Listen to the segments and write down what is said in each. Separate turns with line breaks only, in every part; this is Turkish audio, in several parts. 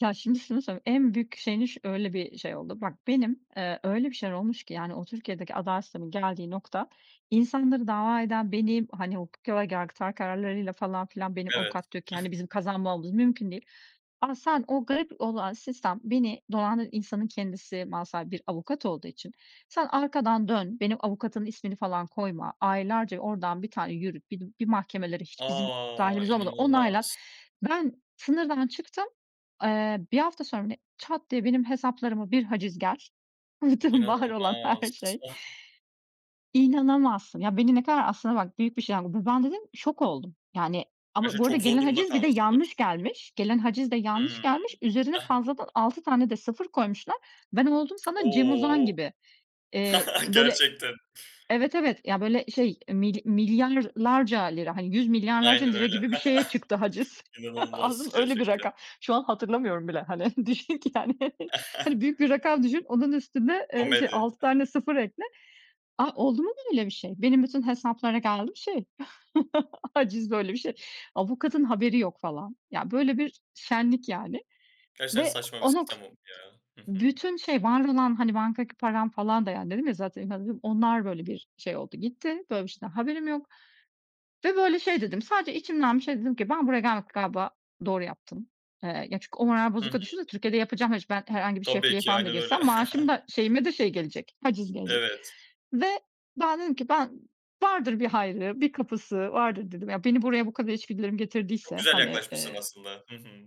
Ya, şimdi, şunu söyleyeyim, en büyük şeyini, öyle bir şey oldu. Bak benim, eee, öyle bir şey olmuş ki, yani, o Türkiye'deki adalet sisteminin geldiği nokta insanları dava eden, benim, hani, o hukuki olarak yargıtay kararlarıyla, falan, filan, benim
Evet.
avukat diyor ki, hani, bizim kazanmamız mümkün değil. Ama sen, o garip olan sistem beni, doğanın insanın kendisi mal sahibi bir avukat olduğu için, sen arkadan dön, benim avukatın ismini falan koyma, aylarca oradan bir tane yürüt, bi bir mahkemelere hiç bizim
A.
dahilimiz olmadan, onaylat.
İnanılmaz!
Ben sınırdan çıktım, eee, bir hafta sonra, çat diye, benim hesaplarıma bir haciz gel, bütün var olan her
İnanılmaz.
şey,
Ah!
inanamazsın. Ya, beni ne kadar, aslında, bak, büyük bir şey. [unintelligible] Ben dedim, şok oldum. Yani, ama
Gerçekten
bu arada
çok zor
gelen
durumda
haciz bir de
kalmışsındır.
yanlış
[unintelligible]
gelmiş. Gelen haciz de yanlış
Hımm.
gelmiş. Üzerine
[unintelligible]
fazladan 6 tane de 0 koymuşlar. Ben oldum sana Cem Uzan
O.
gibi, eee, böyle,
Gerçekten.
evet, evet, ya, böyle şey, milya milyarlarca lira, hani, 100 milyarlarca
Aynen
lira
öyle.
gibi bir şeye çıktı haciz. Anladın
İnanılmaz
mı, öyle bir
gerçekten.
rakam. Şu an hatırlamıyorum bile, hani, düşün ki, yani. Hani, büyük bir rakam düşün onun üstüne, eee, şey,
Komedi.
6 tane 0 ekle. A, oldu mu böyle bir şey? Benim bütün hesaplara geldi mi, şey, haciz, böyle bir şey. Avukatın haberi yok, falan. Ya, böyle bir şenlik, yani.
Gerçekten
Ve
saçma bir
o nok
sistem oldu, ya. Hı hı.
bütün şey, var olan, hani, bankadaki param falan da, yani, dedim ya zaten. [unintelligible] Onlar, böyle, bir şey oldu gitti. Böyle bir şeyden haberim yok. Ve böyle şey, dedim, sadece içimden bir şey dedim ki ben buraya gelmekle, galiba doğru yaptım. Eee, yani, çünkü o moral
Hı hı.
bozukluğuyla düşünsene Türkiye'de yapacağım. Ben hiç herhangi bir
Tabii
şefliğe
ki,
falan da
aynen öyle.
girsem maaşım da şeyime de şey gelecek, haciz gelecek.
Evet.
Ve ben dedim ki, ben "Vardır bir hayrı, bir kapısı vardır." dedim. Ya, beni buraya bu kadar içgüdülerim
Çok
getirdiyse,
güzel
hani,
yaklaşmışsın
eee
aslında. Hı hı.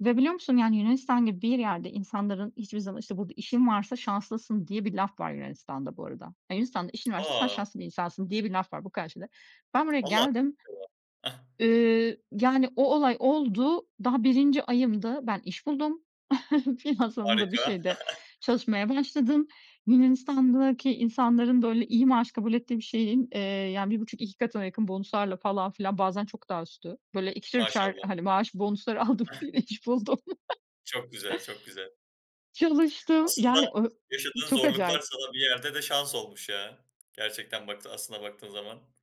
Ve, biliyor musun, yani, Yunanistan gibi bir yerde insanların hiçbir zaman, işte, bu işin varsa şanslısın diye bir laf var Yunanistan'da bu arada. Yunanistan'da işin varsa sen
A.
şanslı bir insansın diye bir laf var bu kadar. [unintelligible] Ben buraya geldim,
[unintelligible]
eee, yani, o olay oldu, daha 1. ayımdı, ben iş buldum, finans alanında bir
Harika.
şeyde çalışmaya başladım. Yunanistan'daki insanların böyle iyi maaş kabul ettiği bir şeyin, eee, yani 1.5-2 katına yakın bonus'larla falan filan bazen çok daha üstü, böyle ikişer, üçer,
Maşallah.
hani, maaş bonus'ları aldım, iş buldum.
Çok güzel, çok güzel.
Çalıştım,
Aslında
yani, ö
yaşadığın
çok
zorluklar
acayip.
sana bir yerde de şans olmuş, ya, gerçekten bak, aslına baktığın zaman.